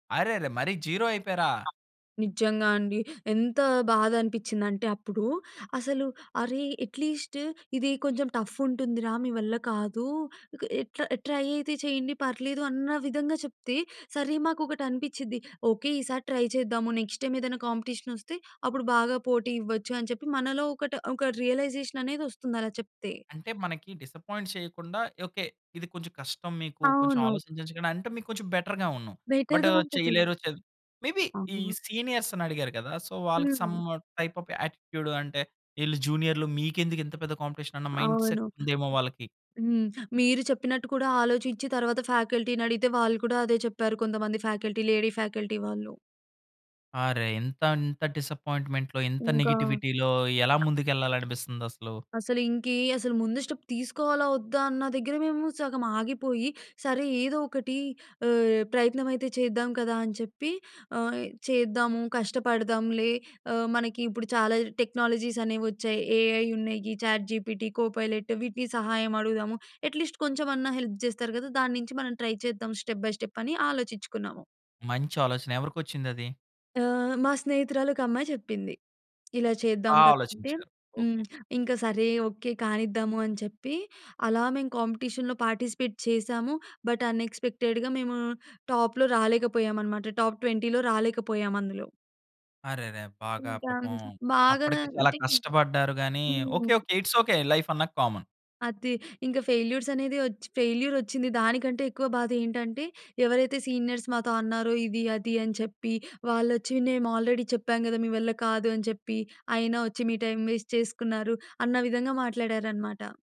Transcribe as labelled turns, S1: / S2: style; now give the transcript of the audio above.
S1: అరెరే! మరి జీరో అయిపెరా!
S2: నిజంగా అండి. ఎంతా బాధనిపించిందంటే అప్పుడూ అసలు అరే! అట్‌లీస్ట్ ఇది కొంచెం టఫ్ ఉంటుంది రా! మీ వల్ల కాదు! ఎ ట్రై అయితే చేయండి పర్లేదు అన్న విధంగా చెప్తే, సరే మాకొకటనిపించిద్ది, ఓకే ఈసారి ట్రై చేద్దాము నెక్స్ట్ టైమ్ ఏదైనా కాంపిటీషన్ వస్తే అప్పుడు బాగా పోటీ ఇవ్వచ్చు అని చెప్పి మనలో ఒకటి, ఒక రియలైజేషన్ అనేదొస్తుంది అలా చెప్తే!
S1: అంటే, మనకి డిసప్పాయింట్ చేయకుండా ఓకే. ఇది కొంచెం కష్టం మీకు కొంచెం
S2: అవును.
S1: ఆలోచించండి అంటే మీకు కొంచెం బెటర్‌గా ఉన్ను. బట్
S2: బెటర్‌గా ఉంటది.
S1: చేయలేరు చె మే బీ ఈ
S2: అవును.
S1: సీనియర్స్‌ని అడిగారు కదా! సో, వాళ్ళకి సం
S2: హ్మ్.
S1: టైప్ ఆఫ్ యాటిట్యూడ్ అంటే, ఈళ్ళు జూనియర్‌లు మీకెందుకింత పెద్ద కాంపిటీషన్ అన్న మైండ్‌సెట్
S2: అవును.
S1: ఉందేమో వాళ్ళకి.
S2: హ్మ్. మీరు చెప్పినట్టు కూడా ఆలోచించి తరువాత ఫ్యాకల్టీని అడిగితే వాళ్ళు కూడా అదే చెప్పారు, కొంతమంది ఫ్యాకల్టీ లేడీ ఫ్యాకల్టీ వాళ్ళు.
S1: అరె! ఇంతంత డిసప్పాయింట్‌మెంట్‌లో ఇంత
S2: ఇంకా
S1: నెగెటివిటీలో ఎలా ముందుకెళ్ళాలనిపిస్తుందసలూ!
S2: అసలు, ఇంకే అసలు ముందు స్టెప్ తీసుకోవాలా వద్దా అన్న దగ్గర మేము సగం ఆగిపోయి, సరే ఏదో ఒకటి ఆహ్, ప్రయత్నమైతే చేద్దాం కదా! అని చెప్పి! ఆహ్, చేద్దాము. కష్టపడదాంలే! ఆహ్, మనకిప్పుడు చాలా టెక్నాలజీస్ అనేవొచ్చాయి. ఏఐ ఉన్నాయి. చాట్‌జీపీటి కోపైలెట్ వీటిని సహాయం అడుగుదాము. అట్‌లీస్ట్ కొంచెమన్నా హెల్ప్ జేస్తారు కదా! దానుంచి మనం ట్రై చేద్దాం స్టెప్ బై స్టెప్ అని ఆలోచించుకున్నాము.
S1: మంచి ఆలోచన! ఎవరికొచ్చిందది?
S2: ఆహ్, మా స్నేహితురాలొక అమ్మాయి చెప్పింది. ఇలా చేద్దాం
S1: బాగా
S2: కదా! అంటే
S1: ఆలోచించారు. ఓకే.
S2: హ్మ్. ఇంక సరే ఓకే కానిద్దామూ అని చెప్పి, అలా మేము కాంపిటీషన్‌లో పార్టిసిపేట్ చేసాము. బట్ అనెక్స్‌పెక్టెడ్‌గా మేము టాప్‌లో రాలేకపోయామన్నమాట. టాప్ 20లో రాలేకపోయామందులో.
S1: అరెరె! బాగా
S2: ఇంకా
S1: పాపం
S2: బాగా
S1: అప్పటికే చాలా
S2: అంటే
S1: కష్టపడ్డారు గానీ
S2: hmm.
S1: Okay. Okay. It's okay. Life అన్నక కామన్.
S2: అది ఇంక ఫెయిల్యూర్స్ అనేది వచ్చి, ఫెయిల్యూరొచ్చింది దానికంటే ఎక్కువ బాదేంటంటే ఎవరైతే సీనియర్స్ మాతో అన్నారో ఇది అది అని చెప్పి, వాళ్ళొచ్చి మేము ఆల్రెడీ చెప్పాం కదా! మీ వల్ల కాదు అని చెప్పి, అయినా వచ్చి మీ టైమ్ వేస్ట్ చేసుకున్నారు! అన్న విధంగా మాట్లాడారనమాట.